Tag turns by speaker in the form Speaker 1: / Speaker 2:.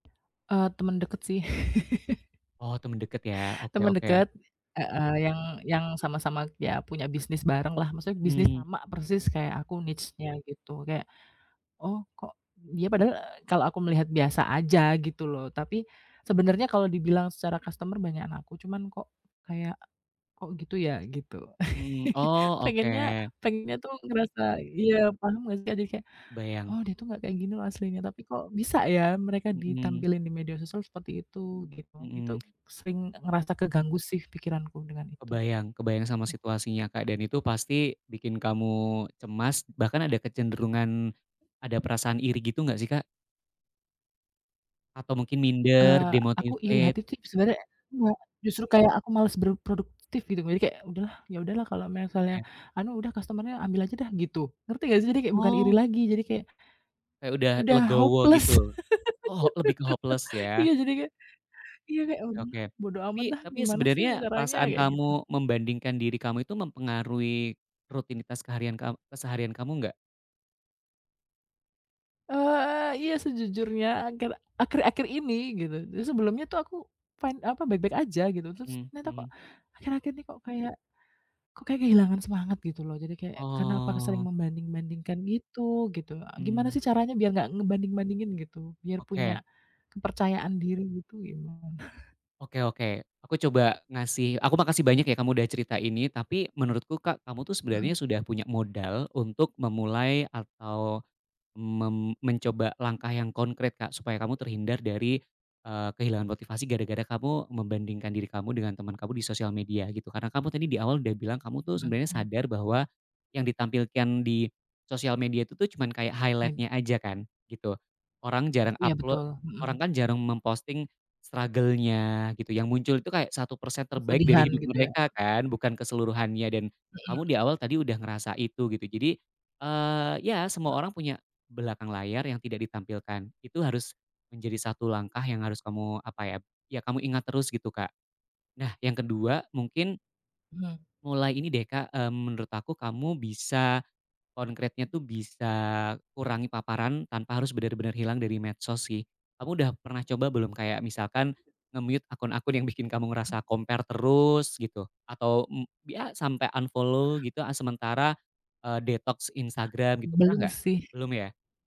Speaker 1: Eee, teman deket sih.
Speaker 2: Oh, teman dekat ya. Oke
Speaker 1: Teman
Speaker 2: oke.
Speaker 1: dekat heeh, yang yang sama-sama iya punya bisnis barenglah. Maksudnya bisnis
Speaker 2: Mhm.
Speaker 1: sama persis kayak aku niche-nya, gitu. Kayak, oh kok d dia padahal, e kalau aku melihat biasa saja gitu loh, tapi sebenarnya kalau dibilang secara customer banyakan aku cuman kok kayak, "kok gitu ya?" Gitu.
Speaker 2: Mmm, oh,
Speaker 1: Pengennya
Speaker 2: oke.
Speaker 1: pengennya tuh ngerasa iya paham enggak sih? Jadi kayak,
Speaker 2: Kebayang.
Speaker 1: "Oh, dia tuh enggak kayak gini loh aslinya, tapi kok bisa ya, mereka
Speaker 2: Mhm.
Speaker 1: ditampilin di media sosial seperti itu?" Gitu. Itu
Speaker 2: Mhm.
Speaker 1: sering ngerasa keganggu sih pikiranku dengan itu,
Speaker 2: Kebayang kebayang sama
Speaker 1: gitu.
Speaker 2: situasinya Kak, dan itu pasti bikin kamu cemas bahkan ada kecenderungan, ada perasaan iri gitu enggak sih, Kak? Atau mungkin minder?
Speaker 1: Eee, aku iri
Speaker 2: Demotivated?
Speaker 1: hati tuh i sebenarnya enggak, justru kayak aku malas berproduktif gitu. Jadi kayak, "Udahlah, ya udahlah kalau misalnya
Speaker 2: Oke.
Speaker 1: anu, udah customer-nya ambil saja dah." Gitu. Ngerti enggak sih? Jadi kayak bukan iri
Speaker 2: Oh.
Speaker 1: lagi, jadi kayak
Speaker 2: Kayak udah
Speaker 1: udah
Speaker 2: legowo
Speaker 1: hopeless.
Speaker 2: gitu? Oh, lebih ke hopeless ya?
Speaker 1: Iya jadi kayak iya kayak, "Ah,
Speaker 2: Oke oke,
Speaker 1: udahlah bodo
Speaker 2: tapi
Speaker 1: amat dah,
Speaker 2: tapi
Speaker 1: gimana
Speaker 2: sebenarnya
Speaker 1: sih caranya?"
Speaker 2: perasaan
Speaker 1: Kayak gitu.
Speaker 2: kamu membandingkan diri kamu itu mempengaruhi rutinitas keharian kam keseharian kamu enggak?
Speaker 1: Eee eee, iya sejujurnya akhir akhir-akhir ini gitu. Jadi, sebelumnya tuh aku fine, apa, baik-baik aja, gitu. Terus
Speaker 2: Mhm
Speaker 1: ternyata kok
Speaker 2: mhm.
Speaker 1: akhir-akhir ini kok kayak kok kayak kehilangan semangat, gitu loh. Jadi kayak, karena apa ke sering
Speaker 2: Oh.
Speaker 1: membanding-bandingkan gitu gitu, e gimana
Speaker 2: Mmm.
Speaker 1: sih caranya biar enggak ngebanding-bandingin gitu? Biar punya
Speaker 2: Oke.
Speaker 1: kepercayaan diri gitu, gimana?
Speaker 2: Oke oke. Aku coba ngasih aku makasih banyak ya kamu udah cerita ini. Tapi menurutku Kak, kamu tuh sebenarnya
Speaker 1: Mhm.
Speaker 2: sudah punya modal untuk memulai atau mem mencoba langkah yang konkret Kak, supaya kamu terhindar dari, eee, kehilangan motivasi gara-gara kamu membandingkan diri kamu dengan teman kamu di social media, gitu. Karena kamu tadi di awal udah bilang kamu tuh sebenarnya
Speaker 1: Ngebandingin.
Speaker 2: sadar bahwa yang ditampilkan di social media itu tuh cuman kayak highlight-nya
Speaker 1: Menunya.
Speaker 2: aja kan, gitu. Orang jarang
Speaker 1: Iya
Speaker 2: uploa
Speaker 1: betul, mhm.
Speaker 2: orang kan jarang memposting struggle-nya gitu, yang muncul itu kayak 1% terbaik dari
Speaker 1: Kesedihan
Speaker 2: hidup
Speaker 1: gitu ya?
Speaker 2: mereka kan, bukan keseluruhannya dan kamu di
Speaker 1: Mhm.
Speaker 2: awal tadi udah ngerasa itu, gitu. Jadi, eee, iya semua orang punya belakang layar yang tidak ditampilkan, itu harus menjadi 1 langkah yang harus kamu, apa ya, iya kamu ingat terus gitu, Kak. Nah, yang ke-2 mungkin
Speaker 1: Mhm.
Speaker 2: mulai ini deh Kak, mmm, menurut aku kamu bisa konkretnya tuh bisa kurangi paparan tanpa harus benar-benar hilang dari medsos sih. Kamu udah pernah coba belum kayak misalkan
Speaker 1: Tidak.
Speaker 2: nge-mute akun-akun yang bikin kamu ngerasa
Speaker 1: Mmm.
Speaker 2: compare terus, gitu? Atau, m iya, sampai unfollow gitu, ah, sementara, eee, detoks Instagram gitu, pernah
Speaker 1: Belum
Speaker 2: enggak?
Speaker 1: sih.
Speaker 2: Belum ya?